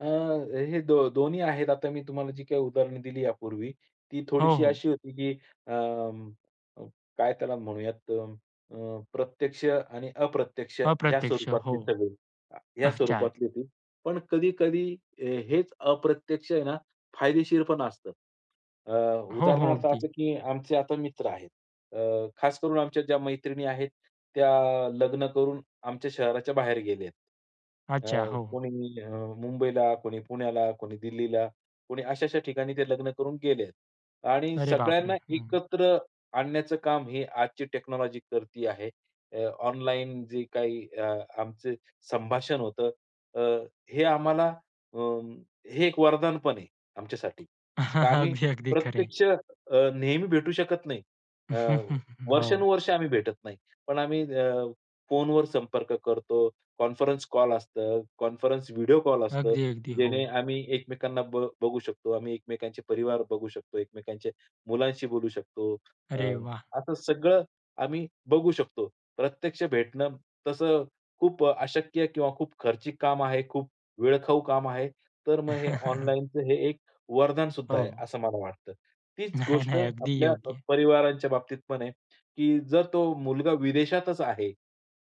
अ, हे दो दोन्ही आहेत. आता मी तुम्हाला जी काही उदाहरण दिली यापूर्वी, ती हो, थोडीशी हो. अशी होती, की अं, काय त्याला म्हणूयात अ, अ, प्रत्यक्ष आणि अप्रत्यक्ष ह्या अप्रत्यक्ष. हो, स्वरूपातले सगळे ह्या अच्छा. स्वरूपातली होती, पण कधी-कधी ए हेच अप्रत्यक्ष आहे ना फायदेशीर पण असतं. अ, हो, हो, उदाहरणार्थ अगदी. असं, की आमचे आता मित्र आहेत अ, खास करून आमच्या ज्या मैत्रिणी आहेत त्या लग्न करून आमच्या शहराच्या बाहेर गेले आहेत. अच्छा, अ, हो. कोणी अ, मुंबईला, कोणी पुण्याला, कोणी दिल्लीला, कोणी अशा-अशा ठिकाणी ते लग्न करून गेलेत. आणि अरे बाप रे! सगळ्यांना अं. एकत्र आणण्याचं काम हे आजची टेक्नॉलॉजी करती आहे. अ, ऑनलाईन जे काही अ, आमचे संभाषण होतं अ, हे आम्हाला अ, हे एक वरदान पण आहे आमच्यासाठी. का आम्ही अगदी, अगदी, खरं आहे. प्रत्यक्ष अ, नेहमी भेटू शकत नाही. अ, हो. वर्षानुवर्षे आम्ही भेटत नाही. पण आम्ही अ, फोनवर संपर्क करतो, कॉन्फरन्स कॉल असतं, कॉन्फरन्स व्हिडिओ कॉल असतो, अगदी, अगदी, जेणे हो. आम्ही एकमेकांना ब बघू शकतो. आम्ही एकमेकांचे परिवार बघू शकतो, एकमेकांचे मुलांशी बोलू शकतो. अ, अरे वाह! असं सगळं आम्ही, बघू शकतो. प्रत्यक्ष भेटणं तसं खूप अशक्य किंवा खूप खर्चिक काम आहे, खूप वेळखाऊ काम आहे तर मग हे ऑनलाईनचं हे एक वरदान सुद्धा आहे हो. असं मला वाटतं. तीच नाही, गोष्ट नाही. अगदी आपल्या योग्य. परिवारांच्या बाबतीत पण आहे, की जर तो मुलगा विदेशातच आहे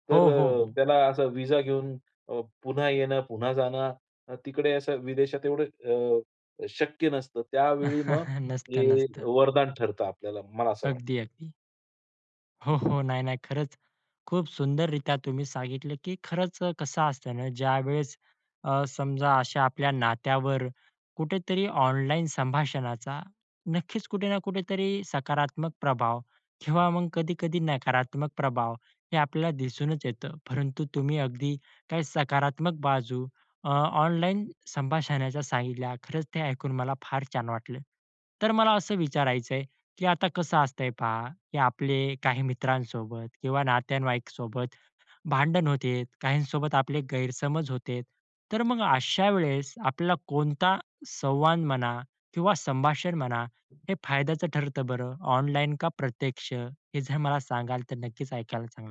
तर हो, हो, अ, हो. त्याला असा विजा घेऊन अ, पुन्हा येणं पुन्हा जाणं तिकडे असं विदेशात एवढं अ, शक्य नसतं त्यावेळी मग नसतं, हे नसतं. वरदान ठरतं आपल्याला मला असं अगदी, वाटतं. अगदी. हो, हो. नाही, नाही. खरंच खूप सुंदररित्या तुम्ही सांगितलं, की खरंच अ, कसं असतं ना ज्यावेळेस अ, समजा अशा आपल्या नात्यावर कुठेतरी ऑनलाईन संभाषणाचा नक्कीच कुठे ना कुठेतरी सकारात्मक प्रभाव किंवा मग कधी-कधी नकारात्मक प्रभाव हे आपल्याला दिसूनच येतं. परंतु तुम्ही अगदी काही सकारात्मक बाजू अ, ऑनलाईन संभाषणाच्या सांगितल्या खरंच ते ऐकून मला फार छान वाटलं. तर मला असं विचारायच आहे, की आता कसं असतंय पहा, की आपले काही मित्रांसोबत किंवा नातेवाईकांसोबत भांडण होते, काहींसोबत आपले गैरसमज होते तर मग अशा वेळेस आपल्याला कोणता संवाद म्हणा किंवा संभाषण म्हणा हे फायद्याचं ठरतं बरं ऑनलाईन का प्रत्यक्ष? हे जर मला सांगाल तर नक्कीच ऐकायला चांगलं वाटेल.